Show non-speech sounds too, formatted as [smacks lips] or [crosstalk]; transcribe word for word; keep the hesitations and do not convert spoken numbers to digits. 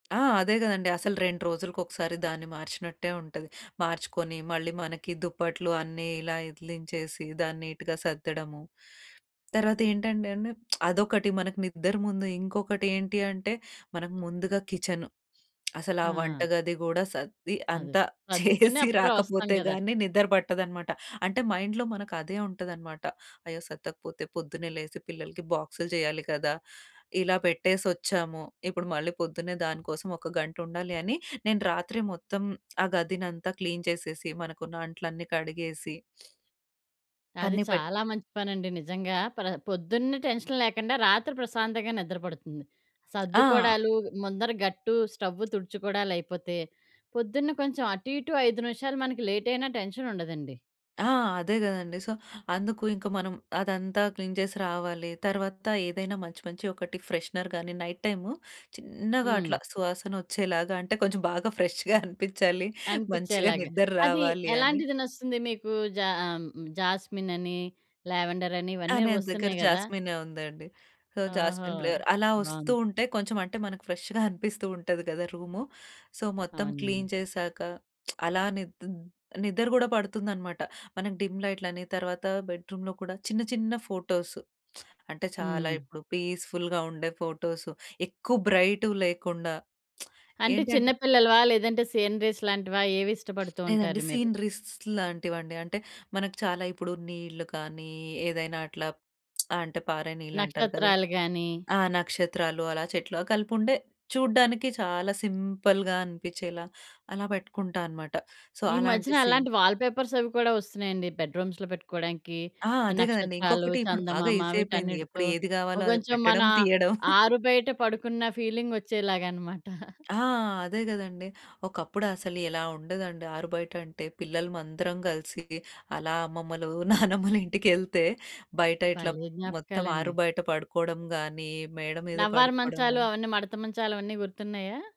ఆ! అదే గదండీ అసలు రెండు రోజులకొకసారి దాన్ని మార్చినట్టే ఉంటది. మార్చుకొని మళ్ళీ మనకి దుప్పట్లు అన్నీ ఇలా ఇదిలించేసి దాన్నీటుగా సద్దడము. తర్వాతేంటంటేండి [smacks lips] అదొకటి మనకు నిద్దర ముందు ఇంకొకటి ఏంటి అంటే మనం ముందుగా కిచెను. అసలు ఆ వంట ఆ! గది గూడా సద్ది అదే. అంతా [chuckles] సర్దుకుని చేసి అప్పుడొస్తాం రాకపోతే గదా! గానీ నిద్ర పట్టదనమాట. అంటే మైండ్‌లో మనకదే ఉంటదనమాట. అయ్యో! సద్దకపోతే పొద్దున్నే లేసి పిల్లలకి బాక్సులు జేయాలి కదా! ఇలా పెట్టేసొచ్చాము, ఇప్పుడు మళ్ళీ పొద్దున్నే దానికోసం ఒక గంటుండాలి అని నేను రాత్రి మొత్తం ఆ గదినంతా క్లీన్ చేసేసి మనకున్న అంట్లన్నీ కడిగేసి అది అన్నీ పెట్ చాలా మంచి పనండి. నిజంగా ప్ర పొద్దున్నే టెన్షన్ లేకుండా రాత్రి ప్రశాంతంగా నిద్ర పడుతుంది. ఆ! సద్దుకోడాలు, ముందర గట్టు, స్టవు తుడుచుకోడాలైపోతే పొద్దున్న కొంచేం అటు ఇటు ఐదు నిమిషాలు మనకి లేటైనా టెన్షనుండదండి. ఆ! అదే గదండీ. సో, అందుకు ఇంక మనం అదంతా క్లీన్ చేసి రావాలి. తర్వాత ఏదైనా మంచి మంచి ఒకటి ఫ్రెషనర్‌ గానీ నైట్ టైమ్ చిన్నగా హ్మ్. అట్లా సువాసనొచ్చేలాగా అంటే కొంచెం బాగా ఫ్రెష్‌గా అనిపించాలి. మంచిగా అనిపించేలాగా, నిద్ర అది రావాలి అని ఎలాంటిది నచ్చుతుంది మీకు? జా ఆహ్, హ్మ్, జాస్మినని, లావెండర‌ని ఆ! ఇవన్నీ నా దగ్గర వస్తున్నాయి గదా! జాస్మినే ఉందండి. సో, ఓహో! జాస్మిన్ ఫ్లేవర్ అలా ఒస్తూ బావుంది. ఉంటే కొంచేం అంటే మనకు ఫ్రెష్‌గా అనిపిస్తూ ఉంటది గదా! రూము. సో, మొత్తం అవునండి. క్లీన్ చేసాక [smacks lips] అలా నిద్‌ద్ నిద్ర గూడా పడుతుందనమాట. మనం డిమ్ లైట్‌లని తర్వాత బెడ్ రూమ్‌లో గూడా చిన్న చిన్న ఫోటోస్ అంటే చాలా హ్మ్. ఇప్పుడు పీస్‌ఫుల్‌గా ఉండే ఫోటోస్ ఎక్కువ బ్రైటువి లేకుండా [smacks lips] అంటే ఏంటంటే చిన్నపిల్లలవా, లేదంటే సీనరీస్ లాంటివా ఏవిష్టబడుతూ లేదండి. ఉంటారు మీరు? సీన్‌రీస్ లాంటివండి. అంటే మనకు చాలా ఇప్పుడు నీళ్లు కానీ ఏదైనా అట్లా అంటే పారే నీళ్లంటారు కదా! నక్షత్రాలు గానీ ఆ నక్షత్రాలు అలా చెట్లు కలిపి ఉండే చూడ్డానికి చాలా సింపుల్‌గా అనిపించేలా అలా బెట్టుకుంటా అనమాట. సో, ఈ అలాంటి మధ్యన సీన్ అలాంటి వాల్పేపర్స్ అవి కూడా ఒస్తున్నాయండి, బెడ్‌రూ‌మ్స్‌లో పెట్టుకోవడానికి. ఆ! అదే గదండీ నక్షత్రాలు, ఇంకొకటి ఇప్పుడు బాగా చందమామ ఈజీ అయిపోయింది. ఎప్పుడు వీటన్నిటితో ఏది గావాలో అది కొంచేం మన పెట్టడం తీయడం. [giggles] ఆరు బయట పడుకున్న ఫీలింగొచ్చేలాగనమాట. [giggles] ఆ! అదే గదండీ ఒకప్పుడసలు ఎలా ఉండేదండి, ఆరు బయటంటే పిల్లలమందరం గలిసి అలా అమ్మమ్మలు, [chuckles] నానమ్మలు ఇంటికెళ్తే బయట ఇట్లా భలే మొత్తం జ్ఞాపకాలండి. ఆరు బయట పడుకోడం గానీ మేడ మీద నవ్వారు పడుకోడం మంచాలు గానీ. అవన్నీ మడత మంచాలవన్నీ గుర్తున్నాయా?